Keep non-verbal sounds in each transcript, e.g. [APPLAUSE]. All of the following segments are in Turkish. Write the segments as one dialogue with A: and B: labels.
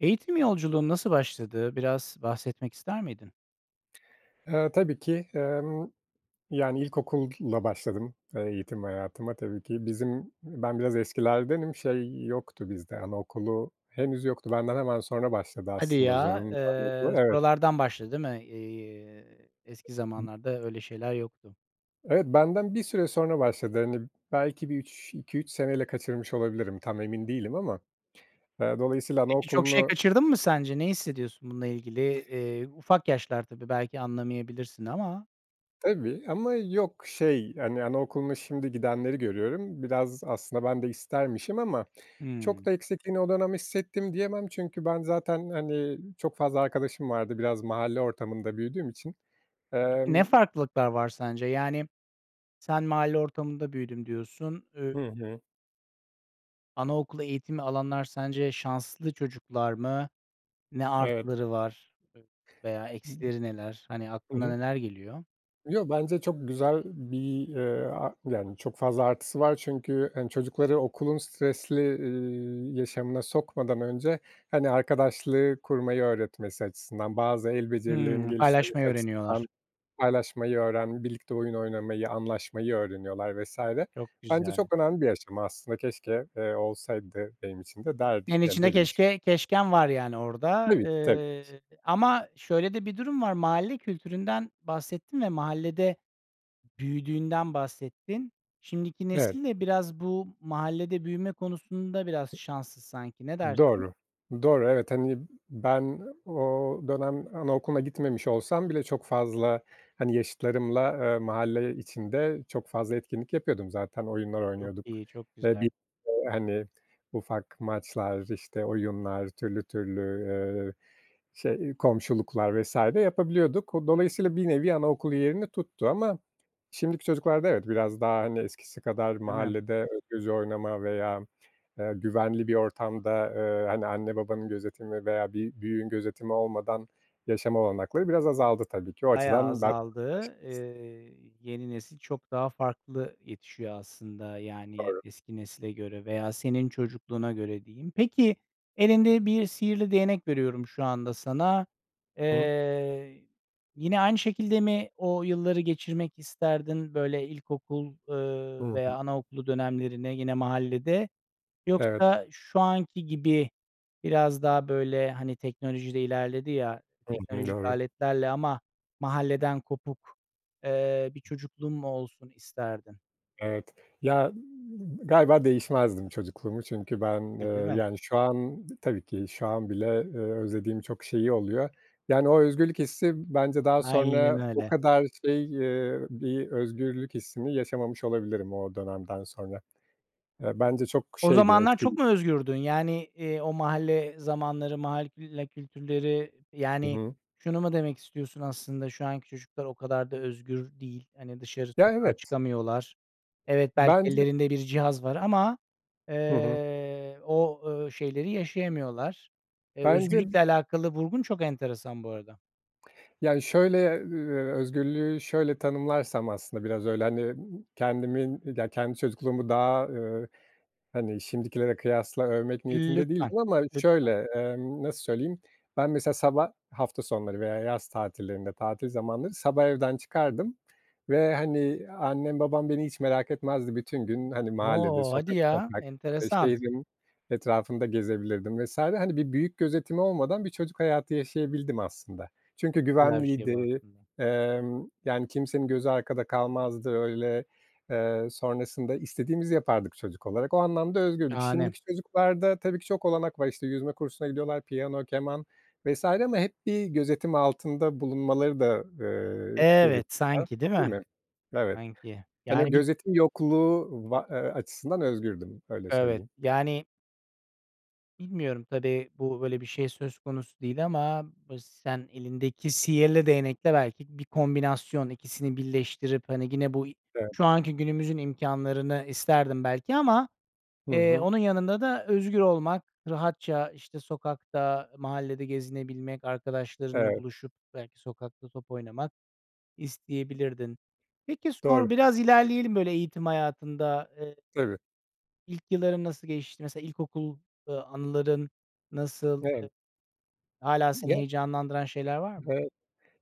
A: Eğitim yolculuğun nasıl başladı? Biraz bahsetmek ister miydin?
B: Eee, tabii ki. Emm, yani ilkokulla başladım, eee, eğitim hayatıma tabii ki. Bizim, ben biraz eskilerdenim. Şey yoktu bizde anaokulu henüz yoktu. Benden hemen sonra başladı
A: Hadi
B: aslında
A: ya!
B: zorunlu anaokulu.
A: Eee,
B: Evet.
A: sonralardan başladı, değil mi? Eee, eski
B: [UNINTELLIGIBLE]
A: zamanlarda öyle şeyler yoktu.
B: Evet, benden bir süre sonra başladı, hani, belki bir 3, 2-3 seneyle kaçırmış olabilirim tam emin değilim ama. Eee, dolayısıyla
A: Peki, çok şey
B: anaokulunu
A: kaçırdın mı sence? Ne hissediyorsun bununla ilgili? Eee, ufak yaşlar tabii, belki anlamayabilirsin ama.
B: Tabii ama yok, şey, hani, anaokuluna şimdi gidenleri görüyorum. Biraz aslında ben de istermişim ama çok
A: Hıı.
B: da eksikliğini o dönem hissettim diyemem çünkü ben zaten, hani, çok fazla arkadaşım vardı. Biraz mahalle ortamında büyüdüğüm için.
A: Peki, ne
B: Emm
A: farklılıklar var sence? Yani, sen mahalle ortamında büyüdüm diyorsun. Ü
B: Hı hı.
A: Anaokulu eğitimi alanlar sence şanslı çocuklar mı? Ne
B: Evet.
A: artıları var veya
B: [UNINTELLIGIBLE]
A: eksileri neler? Hani,
B: Hı
A: aklına
B: hı.
A: neler geliyor?
B: Yo, bence çok güzel bir, eee, a yani çok fazla artısı var çünkü, hani, çocukları okulun stresli, ııı, yaşamına sokmadan önce, hani, arkadaşlığı kurmayı öğretmesi açısından, bazı el becerilerinin
A: Hımm. Paylaşmayı
B: geliştirilmesi
A: öğreniyorlar.
B: açısından, paylaşmayı öğren birlikte oyun oynamayı, anlaşmayı öğreniyorlar vs.
A: Çok
B: Bence
A: güzel.
B: çok önemli bir aşama aslında. Keşke, eee, olsaydı benim için de derdim
A: Yani
B: yani,
A: içinde
B: derim şi
A: keşke keşken var yani orada,
B: Tabii ki, tabii ki.
A: eee, ama şöyle de bir durum var, mahalle kültüründen bahsettin ve mahallede büyüdüğünden bahsettin. Şimdiki
B: Evet.
A: nesil de biraz bu mahallede büyüme konusunda biraz şanssız sanki. Ne dersin?
B: Doğru, doğru, evet, hani, ben o dönem anaokuluna gitmemiş olsam bile çok fazla, hani, yaşıtlarımla, eee, mahalle içinde çok fazla etkinlik yapıyordum. Zaten oyunlar
A: Çok
B: oynuyorduk
A: iyi, çok
B: ve
A: güzel.
B: [UNINTELLIGIBLE] hani, ufak maçlar, işte, oyunlar, türlü, türlü, eee, şey, komşuluklar vs. yapabiliyorduk. Dolayısıyla bir nevi anaokulu yerini tuttu ama şimdiki çocuklarda, evet, biraz daha hani eskisi kadar
A: Değil mi?
B: mahallede özgürce oynama veya, eee, güvenli bir ortamda, eee, hani, anne babanın gözetimi veya bir büyüğün gözetimi olmadan yaşama olanakları biraz azaldı tabii ki. O
A: Bayağı
B: açıdan.
A: azaldı.
B: [UNINTELLIGIBLE]
A: Eee, yeni nesil çok daha farklı yetişiyor aslında, yani
B: Doğru.
A: eski nesile göre veya senin çocukluğuna göre diyeyim. Peki, elinde bir sihirli değnek veriyorum şu anda sana.
B: [UNINTELLIGIBLE]
A: Eee, yine aynı şekilde mi o yılları geçirmek isterdin, böyle, ilkokul,
B: Hı
A: ııı, veya
B: hı.
A: anaokulu dönemlerini yine mahallede?
B: Evet.
A: Yoksa şu anki gibi biraz daha böyle, hani, teknoloji de ilerledi ya,
B: Hı hı.
A: teknolojik
B: Doğru.
A: aletlerle ama mahalleden kopuk, eee, bir çocukluğun mu olsun isterdin?
B: Evet. Ya, galiba değişmezdim çocukluğumu çünkü ben,
A: E,
B: eee,
A: değil mi?
B: yani, şu an, tabii ki şu an bile, eee, özlediğim çok şeyi oluyor. Yani o özgürlük hissi bence daha
A: Aynen
B: sonra o
A: öyle.
B: kadar şey, eee, bir özgürlük hissini yaşamamış olabilirim o dönemden sonra. Eee, bence çok
A: O
B: şeydi,
A: zamanlar çok
B: etkili
A: mu özgürdün? Yani, eee, o mahalle zamanları, mahalle külle kültürleri,
B: Hı
A: yani
B: hı.
A: şunu mu demek istiyorsun aslında şu anki çocuklar o kadar da özgür değil, hani, dışarı
B: Ya,
A: sokağa
B: evet.
A: çıkamıyorlar. Evet, belki
B: Bence
A: ellerinde bir cihaz var ama,
B: Hı hı.
A: eee, o, ııı, şeyleri yaşayamıyorlar. Eee,
B: Bence
A: özgürlükle alakalı vurgun çok enteresan bu arada.
B: Ya, şöyle, ııı, özgürlüğü şöyle tanımlarsam aslında biraz öyle, hani, kendimin, ya kendi çocukluğumu daha, ııı, hani, şimdikilere kıyasla övmek niyetinde
A: Lütfen,
B: değildim ama
A: lütfen.
B: şöyle, emm, nasıl söyleyeyim, ben mesela sabah hafta sonları veya yaz tatillerinde, tatil zamanları sabah evden çıkardım ve, hani, annem babam beni hiç merak etmezdi. Bütün gün, hani, mahallede,
A: O! Hadi
B: sokak
A: ya,
B: sokak ve
A: enteresan.
B: şehrin etrafında gezebilirdim vs. hani, bir büyük gözetimi olmadan bir çocuk hayatı yaşayabildim aslında.
A: Çok
B: Çünkü
A: güzel bir şey bu
B: güvenliydi,
A: aslında.
B: emm, yani kimsenin gözü arkada kalmazdı öyle, eee, sonrasında istediğimizi yapardık çocuk olarak. O anlamda özgürdük.
A: Şahane.
B: Şimdiki çocuklarda tabii ki çok olanak var, işte, yüzme kursuna gidiyorlar, piyano, keman vs. ama hep bir gözetim altında bulunmaları da, ııı, [UNINTELLIGIBLE]
A: Evet, sanki değil
B: değil
A: mi?
B: mi? Evet,
A: Sanki
B: hani,
A: yani bir
B: gözetim yokluğu va eee, açısından özgürdüm, öyle
A: Evet.
B: söyleyeyim.
A: Yani Bilmiyorum. Tabii, bu, böyle bir şey söz konusu değil ama bıs sen elindeki sihirli değnekle belki bir kombinasyon, 2'si birleştirip, hani, gene buy
B: Evet.
A: şu anki günümüzün imkânlarını isterdim belki ama,
B: Hı
A: eee,
B: hı.
A: onun yanında da özgür olmak, rahatça işte sokakta, mahallede gezinebilmek, arkadaşlarınla
B: Evet.
A: buluşup belki sokakta top oynamak isteyebilirdim. Peki, sonra
B: Doğru.
A: biraz ilerleyelim böyle eğitim hayatında eee
B: Tabii.
A: İlk yılların nasıl geçti? Mesela ilkokul, ııı, a anıların nasıl?
B: Evet.
A: Eee. Hâlâ seni
B: Ya
A: heyecanlandıran şeyler var mı?
B: Evet,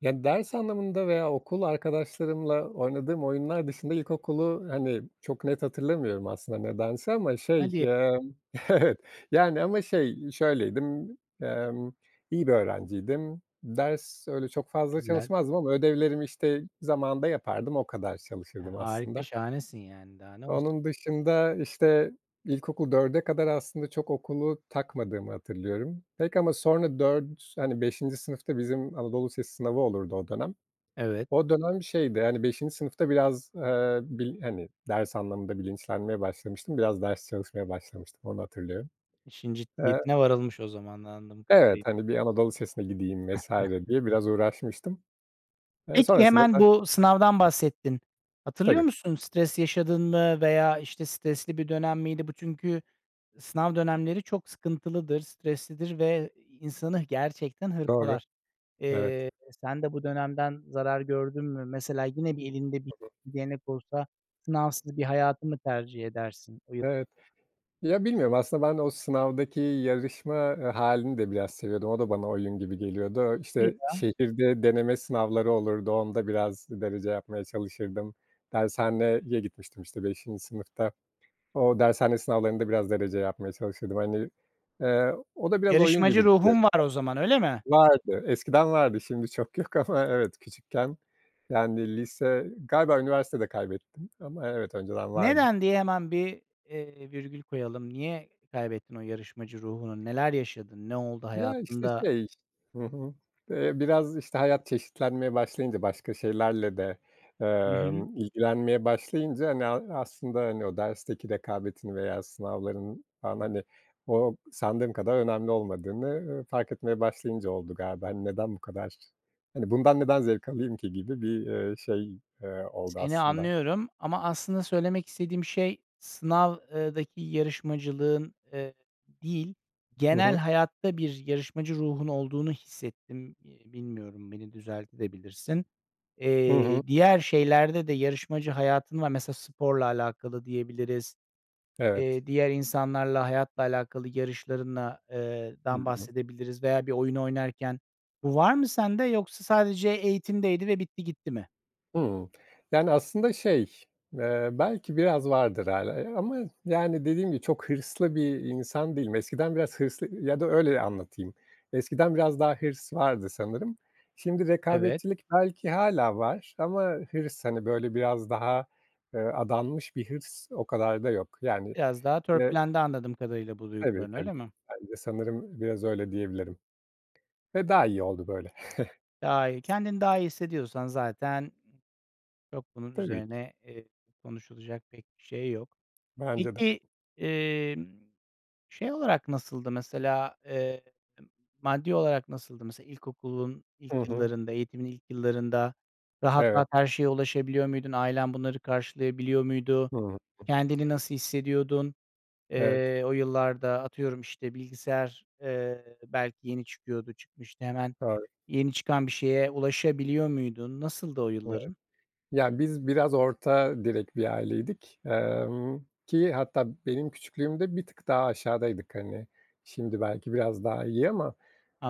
B: yani ders anlamında veya okul arkadaşlarımla oynadığım oyunlar dışında ilkokulu, hani, çok net hatırlamıyorum aslında nedense ama şey,
A: Hadi!
B: ımm, evet, yani ama şey, şöyleydim, emm iyi bir öğrenciydim. Ders... Öyle
A: Çok
B: çok fazla
A: güzel.
B: çalışmazdım ama ödevlerimi, işte, zamanında yapardım, o kadar
A: Eee,
B: çalışırdım
A: harika.
B: aslında.
A: Şahanesin yani, daha ne olsun!
B: Onun dışında, işte, ilkokul 4'e kadar aslında çok okulu takmadığımı hatırlıyorum pek ama sonra 4, hani 5'inci sınıfta bizim anadolu lisesi sınavı olurdu o dönem.
A: Evet.
B: O dönem şeydi, hani, 5'inci sınıfta biraz, ııı, bil hani, ders anlamında bilinçlenmeye başlamıştım. Biraz ders çalışmaya başlamıştım, onu hatırlıyorum.
A: İşin
B: Eee.
A: ciddiyetine varılmış o zaman anladığım
B: Evet,
A: kadarıyla.
B: hani bir anadolu lisesine gideyim vs.
A: [CHUCKLES]
B: diye biraz uğraşmıştım. Eee
A: Peki,
B: sonrasında
A: hemen
B: da
A: bu sınavdan bahsettin. Hatırlıyor
B: Tabii.
A: musun? Stres yaşadın mı veya, işte, stresli bir dönem miydi? Bu çünkü s sınav dönemleri çok sıkıntılıdır, streslidir ve i insanı gerçekten
B: Doğru,
A: hırpalar.
B: evet.
A: Eee, sen de bu dönemden zarar gördün mü? Mesela yine bir elinde bir
B: Hı hı.
A: bir değnek olsa sınavsız bir hayatı mı tercih edersin? Uyup
B: Evet. Ya, bilmiyorum. Aslında ben o sınavdaki yarışma hâlini de biraz seviyordum. O da bana oyun gibi geliyordu.
A: Hadi
B: İşte,
A: ya.
B: şehirde deneme sınavları olurdu. Onda biraz derece yapmaya çalışırdım. Dershaneye gitmiştim, işte, 5'inci sınıfta. O dershane sınavlarında biraz derece yapmaya çalışırdım. Hani, eee, o da biraz oyun
A: Yarışmacı
B: gibi gidiyordu.
A: ruhun var o zaman, öyle mi?
B: Vardı, eskiden vardı. Şimdi çok yok ama evet, küçükken... Yani lise... Galiba üniversitede kaybettim ama evet, önceden vardı.
A: "Neden?" diye hemen bir, eee, virgül koyalım. Niye kaybettin o yarışmacı ruhunu? Neler yaşadın? Ne oldu
B: Ya, işte,
A: hayatında?
B: şey Hı hı, ııı, biraz işte hayat çeşitlenmeye başlayınca, başka şeylerle de,
A: Hı hı.
B: emm, ilgilenmeye başlayınca hani a aslında, hani, o dersteki rekabetin veya sınavların falan hani, o sandığım kadar önemli olmadığını, ııı, fark etmeye başlayınca oldu galiba. Hani neden bu kadar, hani, bundan neden zevk alayım ki gibi bir, eee, şey, eee, oldu
A: Seni
B: aslında.
A: anlıyorum ama aslında söylemek istediğim şey sınav, ııı, daki yarışmacılığın, eee, değil
B: Hı
A: genel
B: hı.
A: hayatta bir yarışmacı ruhun olduğunu hissettim. İii, bilmiyorum, beni düzeltebilirsin de.
B: Hı hı.
A: Eee, diğer şeylerde de yarışmacı hayatın var, mesela sporla alakalı diyebiliriz,
B: Evet.
A: eee, diğer insanlarla, hayatla alakalı yarışlarınla, eee,
B: Hı
A: dan
B: hı.
A: bahsedebiliriz veya bir oyun oynarken bu var mı sende yoksa sadece eğitimdeydi ve bitti, gitti mi?
B: Hımm. Yani aslında şey, eee, belki biraz vardır hâlâ, eee, ama yani, dediğim gibi, çok hırslı bir insan değilim. Eskiden biraz hırslı ya da öyle anlatayım. Eskiden biraz daha hırs vardı sanırım. Şimdi
A: Evet.
B: rekabetçilik belki hâlâ var ama hırs, hani, böyle, biraz daha, ııı, adanmış bir hırs o kadar da yok. Yani,
A: Biraz daha
B: yine
A: törpülendi anladığım kadarıyla bu
B: Tabii,
A: duyguların,
B: tabii,
A: öyle mi?
B: bence sanırım biraz öyle diyebilirim ve daha iyi oldu böyle.
A: Daha iyi. Kendini daha iyi hissediyorsan zaten çok bunun
B: Tabii ki.
A: üzerine, eee, konuşulacak pek bir şey yok.
B: Bence de.
A: Peki, emm, şey olarak nasıldı mesela, eee, maddi olarak nasıldı? Mesela ilkokulun
B: Hı
A: ilk
B: hı.
A: yıllarında, eğitimin ilk yıllarında rahat
B: Evet.
A: rahat her şeye ulaşabiliyor muydun? Ailen bunları karşılayabiliyor muydu?
B: Hıı.
A: Kendini nasıl hissediyordun?
B: Evet.
A: Eee, o yıllarda atıyorum, işte, bilgisayar, eee, belki yeni çıkıyordu, çıkmıştı. Hemen
B: Doğru.
A: yeni çıkan bir şeye ulaşabiliyor muydun? Nasıldı o
B: Evet.
A: yılların?
B: Ya, biz biraz orta direk bir aileydik, emm, ki hatta benim küçüklüğümde bir tık daha aşağıdaydık. Hani şimdi belki biraz daha iyi ama,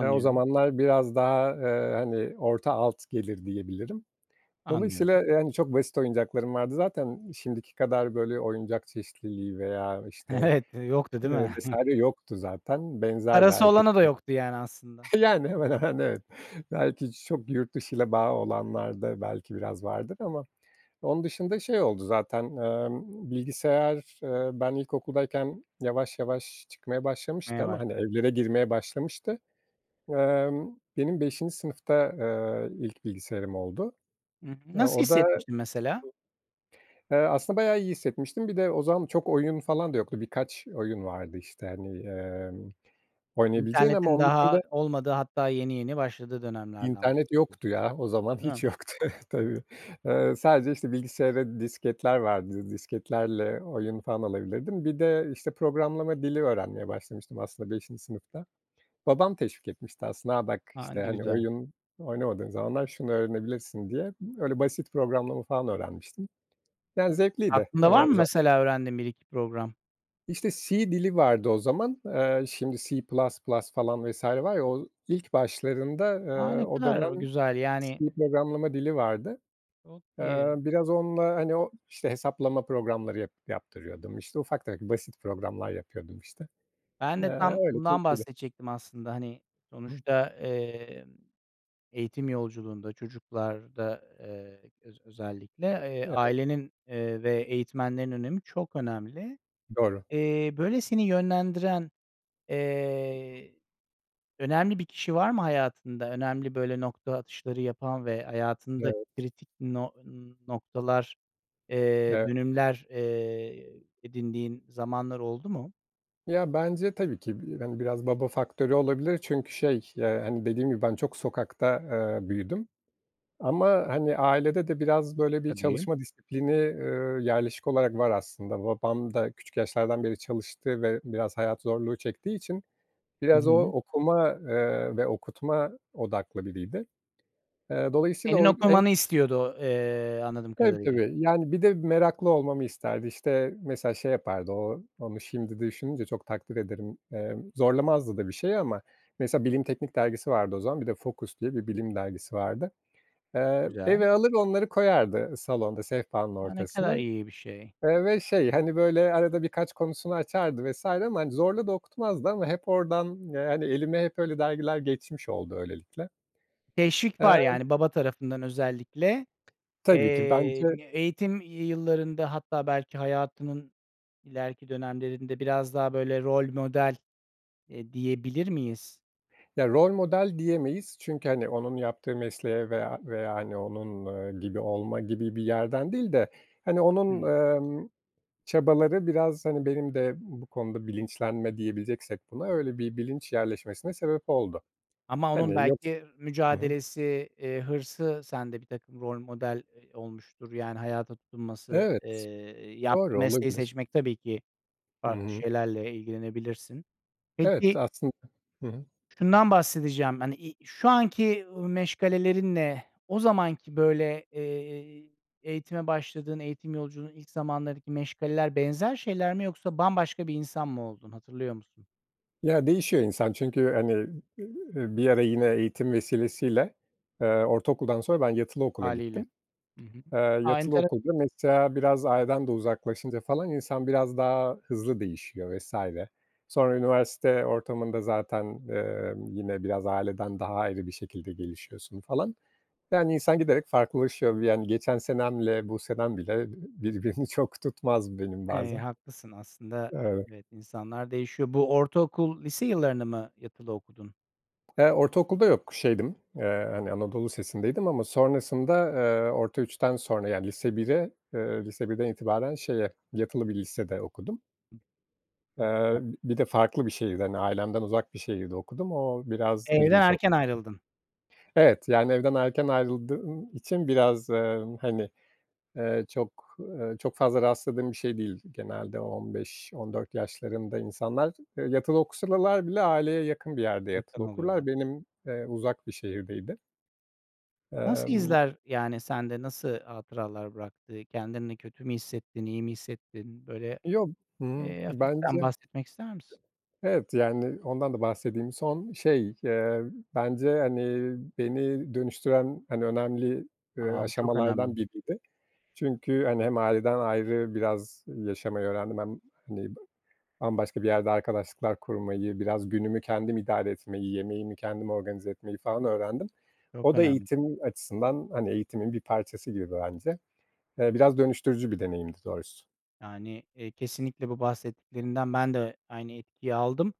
B: eee, o zamanlar biraz daha, eee, hani, orta alt gelir, diyebilirim. Dolayısıyla
A: Anlıyorum.
B: yani çok basit oyuncaklarım vardı. Zaten şimdiki kadar, böyle, oyuncak çeşitliliği veya, işte,
A: Evet, yoktu, değil
B: ııı,
A: mi?
B: vs. yoktu zaten. Benzerdi
A: Parası
B: herkesin.
A: olana da yoktu yani aslında.
B: [CHUCKLES] Yani, hemen hemen, evet. Belki çok yurt dışıyla bağı olanlarda belki biraz vardır ama onun dışında şey oldu zaten, emm, bilgisayar, ııı, ben ilkokuldayken yavaş yavaş çıkmaya başlamıştı
A: Neye
B: ama, hani,
A: başlamıştın?
B: evlere girmeye başlamıştı. Emm, benim 5'inci sınıfta, ııı, ilk bilgisayarım oldu.
A: N
B: E,
A: nasıl
B: o da
A: hissetmiştin mesela?
B: eee, aslında bayağı iyi hissetmiştim. Bir de o zaman çok oyun falan da yoktu, birkaç oyun vardı, işte, hani, emm, oynayabileceğin ama
A: İnternetin
B: onun dışında
A: daha olmadığı hatta yeni yeni başladığı dönemlerden
B: İnternet
A: bahsediyorsun,
B: yoktu, ya, o zaman;
A: değil
B: hiç
A: mi?
B: yoktu. Evet, tabii. Iıı, sadece, işte, bilgisayara disketler vardı, disketlerle oyun falan alabilirdim. Bir de, işte, programlama dili öğrenmeye başlamıştım aslında 5'inci sınıfta. Babam teşvik etmişti aslında "A, bak.",
A: A,
B: işte, hani,
A: güzel!
B: "Oyun oynamadığın zamanlar şunu öğrenebilirsin." diye. Öyle, basit programlama falan öğrenmiştim. Yani zevkliydi
A: Aklında var
B: o
A: mı
B: za
A: mesela öğrendiğin bir iki program?
B: İşte, C dili vardı o zaman. Eee, şimdi C++ falan vs. var ya, o ilk başlarında,
A: A,
B: eee,
A: ne
B: o
A: kadar
B: dönem
A: güzel, yani
B: C programlama dili vardı.
A: Çok
B: Eee,
A: iyi.
B: biraz onunla, hani o, işte, hesaplama programları yap yaptırıyordum. İşte, ufak tefek basit programlar yapıyordum işte.
A: Ben
B: Eee,
A: de tam
B: öyle,
A: bundan
B: keyiflidi.
A: bahsedecektim aslında, hani,
B: [UNINTELLIGIBLE]
A: sonuçta, emm, eğitim yolculuğunda, çocuklarda, eee, öz özellikle, eee,
B: Evet.
A: ailenin, eee, ve eğitmenlerin önemi çok önemli.
B: Doğru.
A: Eee, böyle, seni yönlendiren, eee, önemli bir kişi var mı hayatında, önemli, böyle, nokta atışları yapan ve hayatında
B: Evet.
A: kritik no noktalar, eee,
B: Eve
A: dönümler, eee, edindiğin zamanlar oldu mu?
B: Ya, bence tabii ki, bi hani, biraz baba faktörü olabilir çünkü şey, ya, hani, dediğim gibi ben çok sokakta, eee, büyüdüm ama, hani, ailede de biraz böyle bir
A: Tabii.
B: çalışma disiplini, ııı, yerleşik olarak var aslında. Babam da küçük yaşlardan beri çalıştı ve biraz hayat zorluğu çektiği için
A: Hı
B: biraz o
A: hı.
B: okuma, eee, ve okutma odaklı biriydi. Eee, dolayısıyla
A: Senin
B: o en
A: okumanı istiyordu, eee, anladığım
B: Tabii,
A: kadarıyla.
B: tabii, yani bir de meraklı olmamı isterdi. İşte, mesela şey yapardı o, onu şimdi düşününce çok takdir ederim. Eee, zorlamazdı da bir şeyi ama mesela Bilim Teknik dergisi vardı o zaman, bir de Focus diye bir bilim dergisi vardı. Eee,
A: Güzel.
B: eve alır onları koyardı salonda, sehpanın
A: A, ne
B: ortasına,
A: kadar iyi bir şey.
B: eee, ve şey, hani, böyle, arada birkaç konusunu açardı vs. ama, hani, zorla da okutmazdı ama hep oradan, yani elime hep öyle dergiler geçmiş oldu öylelikle.
A: Teşvik var
B: Emm
A: yani baba tarafından özellikle,
B: Tabii ki.
A: eee,
B: Bence
A: eğitim yıllarında hatta belki hayatının ileriki dönemlerinde biraz daha böyle rol model, eee, diyebilir miyiz?
B: Ya, rol model diyemeyiz çünkü, hani, onun yaptığı mesleğe veya veya, hani, onun, eee, gibi olma gibi bir yerden değil de, hani, onun,
A: Hımm.
B: emm, çabaları biraz, hani, benim de bu konuda bilinçlenme diyebileceksek buna öyle bir bilinç yerleşmesine sebep oldu.
A: Ama onun
B: Hani, yoks
A: belki
B: Hı hı.
A: mücadelesi, eee, hırsı sende birtakım rol model, eee, olmuştur, yani hayata tutunması,
B: Evet,
A: eee, yaptığı
B: doğru,
A: mesleği
B: olabilir.
A: seçmek tabii ki
B: Hı
A: farklı
B: hı.
A: şeylerle ilgilenebilirsin.
B: Evet,
A: Peki
B: aslında Hı hı.
A: şundan bahsedeceğim, hani, i şu anki, ııı, meşgalelerinle o zamanki, böyle, eee, eğitime başladığın, eğitim yolculuğunun ilk zamanlarındaki meşgaleler benzer şeyler mi yoksa bambaşka bir insan mı oldun, hatırlıyor musun?
B: Ya değişiyor insan çünkü, hani, eee, bir ara yine eğitim vesilesiyle, eee, ortaokuldan sonra ben yatılı okula
A: Hâliyle.
B: gittim.
A: I hı.
B: Eee,
A: A,
B: yatılı
A: entere
B: okulda mesela biraz aileden de uzaklaşınca falan insan biraz daha hızlı değişiyor vs. Sonra üniversite ortamında zaten, emm, yine biraz aileden daha ayrı bir şekilde gelişiyorsun falan. Yani insan giderek farklılaşıyor, vi yani geçen senemle bu senem bile, ııı, birbirini çok tutmaz benim
A: Eee,
B: bazen.
A: haklısın aslında,
B: Evet.
A: evet, insanlar değişiyor. Bu ortaokul, lise yıllarını mı yatılı okudun?
B: Eee, ortaokulda yok, şeydim, eee, hani, anadolu lisesindeydim ama sonrasında, eee orta 3'ten sonra, yani lise 1'e, eee lise 1'den itibaren şeye, yatılı bir lisede okudum.
A: Çok güzel.
B: Eee, bir de farklı bir şehirde, hani, ailemden uzak bir şehirde okudum. O biraz
A: Evden
B: ilginç oldu.
A: erken ayrıldın.
B: Evet. Yani evden erken ayrıldığım için biraz, eee, hani, eee, çok, eee, çok fazla rastladığım bir şey değil genelde. 15-14 yaşlarında insanlar, eee, yatılı okusalalar bile aileye yakın bir yerde yatılı
A: Yakın
B: okurlar.
A: oluyorlar.
B: Benim, eee, uzak bir şehirdeydi.
A: Nasıl
B: Emm
A: izler, yani sende nasıl hatıralar bıraktı? Kendini kötü mü hissettin, iyi mi hissettin? Böyle,
B: Yo hı hı.
A: eee, hafiften
B: Bence
A: bahsetmek ister misin?
B: Evet. Yani ondan da bahsedeyim. Son şey, eee bence, hani, beni dönüştüren, hani, önemli, eee,
A: A! Bu çok önemli.
B: aşamalardan biriydi. Çünkü, hani, hem aileden ayrı biraz yaşamayı öğrendim hem, hani, ba bambaşka bir yerde arkadaşlıklar kurmayı, biraz günümü kendim idare etmeyi, yemeğimi kendim organize etmeyi falan öğrendim.
A: Çok
B: O da
A: önemli.
B: eğitimim açısından, hani, eğitimin bir parçası gibi bence. Eee, biraz dönüştürücü bir deneyimdi doğrusu.
A: Yani, eee, kesinlikle bu bahsettiklerinden ben de aynı etkiyi aldım.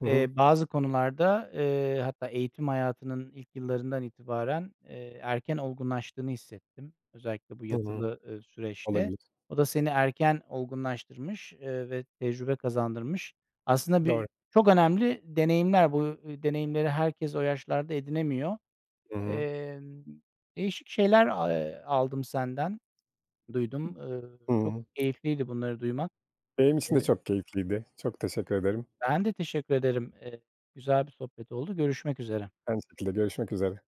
B: Hı
A: Eee,
B: hı.
A: bazı konularda, eee, hatta eğitim hayatının ilk yıllarından itibaren, eee, erken olgunlaştığını hissettim. Özellikle bu
B: Hı hı.
A: yatılı, eee, süreçte.
B: Olabilir.
A: O da seni erken olgunlaştırmış, eee, ve tecrübe kazandırmış. Aslında
B: Doğru.
A: birçok önemli deneyimler, bu deneyimleri herkes o yaşlarda edinemiyor.
B: Hı hı.
A: Eee, değişik şeyler a eee, aldım senden, duydum. Eee, çok
B: Imm.
A: keyifliydi bunları duymak.
B: Benim için de
A: Eee
B: çok keyifliydi. Çok teşekkür ederim.
A: Ben de teşekkür ederim. Eee, güzel bir sohbet oldu. Görüşmek üzere.
B: Aynı şekilde, görüşmek üzere.